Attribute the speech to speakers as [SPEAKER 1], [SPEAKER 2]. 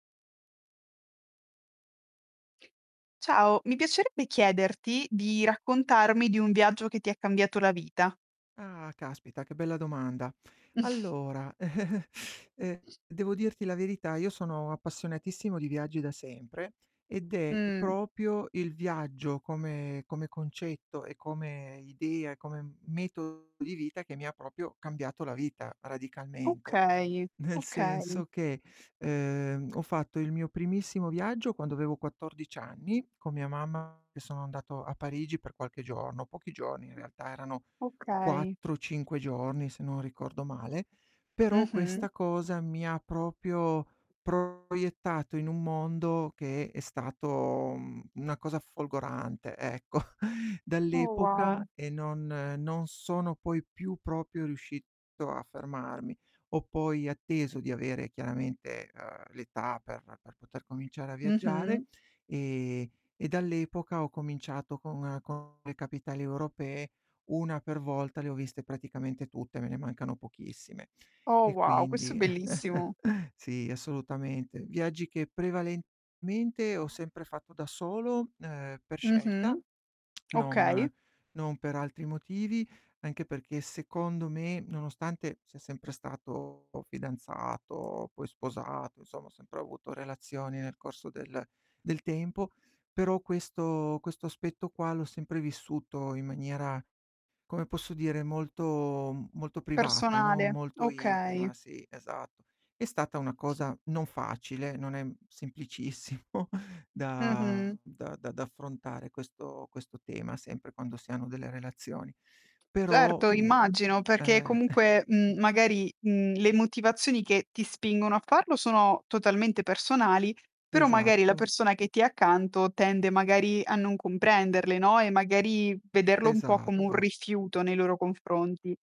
[SPEAKER 1] Ciao, mi piacerebbe chiederti di raccontarmi di un viaggio che ti ha cambiato la vita.
[SPEAKER 2] Ah, caspita che bella domanda. Allora, ehm, devo dirti la verità, io sono appassionatissimo di viaggi da sempre ed è
[SPEAKER 1] Mh.
[SPEAKER 2] proprio il viaggio come come concetto, e come idea, e come metodo di vita che mi ha proprio cambiato la vita, radicalmente.
[SPEAKER 1] Okay,
[SPEAKER 2] Nel
[SPEAKER 1] okay.
[SPEAKER 2] senso che, ehm, ho fatto il mio primissimo viaggio quando avevo 14 anni con mia mamma, che sono andato a Parigi per qualche giorno, pochi giorni in realtà, erano
[SPEAKER 1] Okay.
[SPEAKER 2] 4, 5 giorni se non ricordo male, però questa
[SPEAKER 1] Mh-mh
[SPEAKER 2] cosa mi ha proprio proiettato in un mondo che è stato, mhmm, una cosa folgorante, ecco.
[SPEAKER 1] Uh,
[SPEAKER 2] Dall'epoca
[SPEAKER 1] wow.
[SPEAKER 2] e non non sono poi più proprio riuscito a fermarmi. Ho poi atteso di avere chiaramente, ehm, l'età per per poter cominciare a viaggiare
[SPEAKER 1] Mh-mh.
[SPEAKER 2] e e dall'epoca ho cominciato con con le capitali europee, 1 per volta le ho viste praticamente tutte, me ne mancano pochissime.
[SPEAKER 1] Oh,
[SPEAKER 2] E
[SPEAKER 1] wow, questo è
[SPEAKER 2] quindi
[SPEAKER 1] bellissimo.
[SPEAKER 2] sì assolutamente. Viaggi che prevalentemente ho sempre fatto da solo, ehm, per scelta,
[SPEAKER 1] Mh-mh. Okay.
[SPEAKER 2] non non per altri motivi, anche perché secondo me, nonostante sia sempre stato fidanzato, poi sposato, insomma ho sempre avuto relazioni nel corso del del tempo, però questo questo aspetto qua l'ho sempre vissuto in maniera, come posso dire, molto molto privata, no,
[SPEAKER 1] Personale,
[SPEAKER 2] molto
[SPEAKER 1] okay.
[SPEAKER 2] intima, sì, esatto. È stata una cosa non facile, non è, mhmm, semplicissimo da
[SPEAKER 1] Mh-mh.
[SPEAKER 2] da da affrontare questo questo tema, sempre quando si hanno delle relazioni. Però,
[SPEAKER 1] Certo,
[SPEAKER 2] mhmm,
[SPEAKER 1] immagino perché
[SPEAKER 2] eh
[SPEAKER 1] comunque, mhmm, magari, mhmm, le motivazioni che ti spingono a farlo sono totalmente personali, però magari la
[SPEAKER 2] Esatto.
[SPEAKER 1] persona che ti è accanto tende magari a non comprenderle, no, e magari vederlo un po' come un
[SPEAKER 2] Esatto.
[SPEAKER 1] rifiuto nei loro confronti.